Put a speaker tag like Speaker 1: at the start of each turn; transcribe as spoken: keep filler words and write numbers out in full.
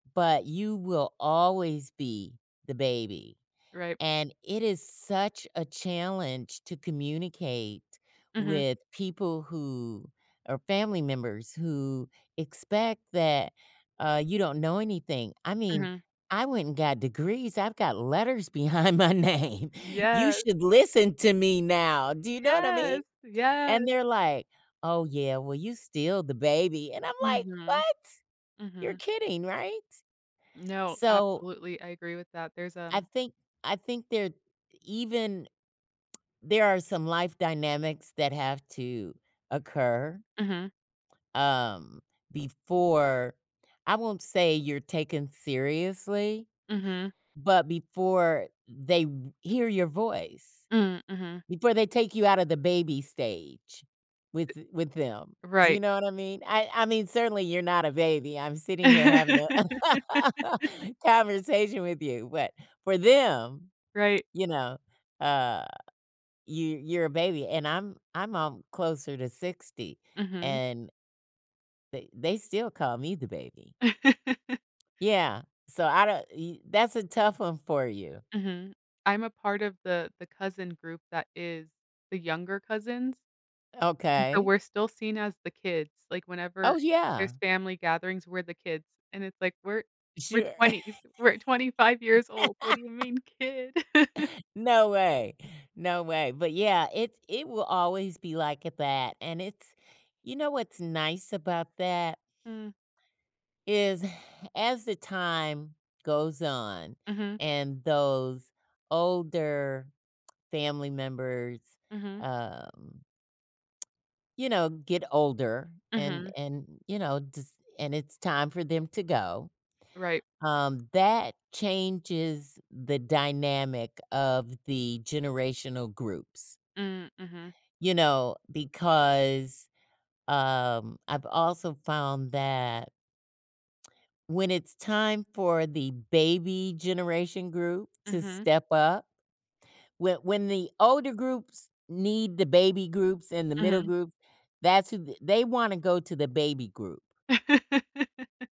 Speaker 1: But you will always be the baby,
Speaker 2: Right.
Speaker 1: and it is such a challenge to communicate
Speaker 2: Mhm.
Speaker 1: with people who are family members, who expect that, uh, you don't know anything. I mean,
Speaker 2: Mhm.
Speaker 1: "I went and got degrees, I've got letters behind my name. You
Speaker 2: Yes.
Speaker 1: should listen to me now." Do you know what I
Speaker 2: Yes,
Speaker 1: mean? And
Speaker 2: yes.
Speaker 1: they're like, "Oh yeah, well, you still the baby,” and I'm, like,
Speaker 2: Mhm,
Speaker 1: "What? You're
Speaker 2: mhm.
Speaker 1: kidding, right?"
Speaker 2: No,
Speaker 1: So
Speaker 2: absolutely, I agree with that. There's
Speaker 1: I
Speaker 2: um
Speaker 1: think I think they're even there are some life dynamics that have to occur.
Speaker 2: Mhm.
Speaker 1: Um, before I won't say you're taken seriously,
Speaker 2: Mhm.
Speaker 1: but before they r hear your voice.
Speaker 2: Mm, mhm.
Speaker 1: Before they take you out of the baby stage with th with them. Do
Speaker 2: Right.
Speaker 1: you know what I mean? I I mean, certainly you're not a baby. I'm sitting here having a conversation with you, but for them,
Speaker 2: Right.
Speaker 1: you know, uh, you you're a baby, and I'm I'm alm closer to sixty,
Speaker 2: Mhm.
Speaker 1: and they they still call me the baby. Yeah, so I don't, y that's a tough one for you.
Speaker 2: Mhm. I'm a part of the the cousin group that is the younger cousins and so
Speaker 1: Okay.
Speaker 2: we're still seen as the kids, like, whenever
Speaker 1: Oh yeah.
Speaker 2: there's family gatherings, we're the kids and it's like, we're, we're
Speaker 1: Sure.
Speaker 2: twenties, we're twenty-five years old. "What do you mean, kid?"
Speaker 1: No way, no way, but yeah, it it will always be like it that, and it's, you know, what's nice about that?
Speaker 2: Mm.
Speaker 1: Is as the time goes on,
Speaker 2: Mhm
Speaker 1: and those older family members,
Speaker 2: Mhm.
Speaker 1: um you know, get older, and,
Speaker 2: Mhm.
Speaker 1: and you know, just, and it's time for them to go,
Speaker 2: Right.
Speaker 1: um, that changes the dynamic of the generational groups.
Speaker 2: Mm, mhm.
Speaker 1: You know, because, um, I've also found that when it's time for the baby generation group to
Speaker 2: Mhm.
Speaker 1: step up, whe when the older groups need the baby groups and the middle
Speaker 2: Mhm.
Speaker 1: group, that's who they wanna go to the baby group.